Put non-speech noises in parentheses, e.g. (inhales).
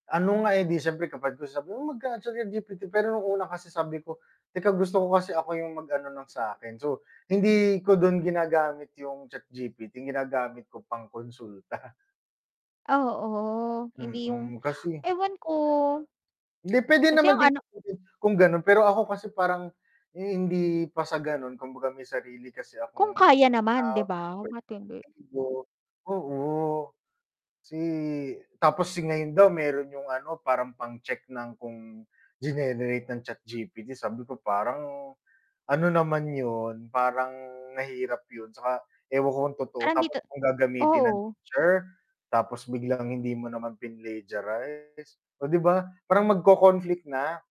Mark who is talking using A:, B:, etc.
A: Ano nga eh, 'di siyempre kapag gusto magka-chatGPT. Pero nung una kasi sabi ko (inhales) teka gusto ko kasi ako yung mag-ano ng sa'kin, so, hindi ko dun ginagamit yung ChatGPT ginagamit ko pang-konsulta. (snorts)
B: Oo, hindi yung
A: Mm kasi
B: (inhales) ewan ko.
A: Hindi, pwede
B: Kasi ang
A: naman din
B: ano
A: gamitin kung gano'n pero ako kasi parang, (inhales) eh, hindi pa sa ganon kumbaga may sarili kasi
B: Kung
A: akong
B: kaya naman,
A: pananaw,
B: 'di ba?
A: pwedeng
B: Ba't hindi.
A: ego, o, si tapos ngayon daw meron yung ano parang pang-check ng kung ginenerate ng ChatGPT, sabi ko parang, ano naman 'yun parang mahirap 'yun, tsaka ewan ko kung totoo
B: Parang
A: tapos
B: dito
A: kung gagamitin ng
B: oo.
A: teacher, tapos biglang hindi mo naman pinlegiarize, oh 'di ba, parang magko-conflict na.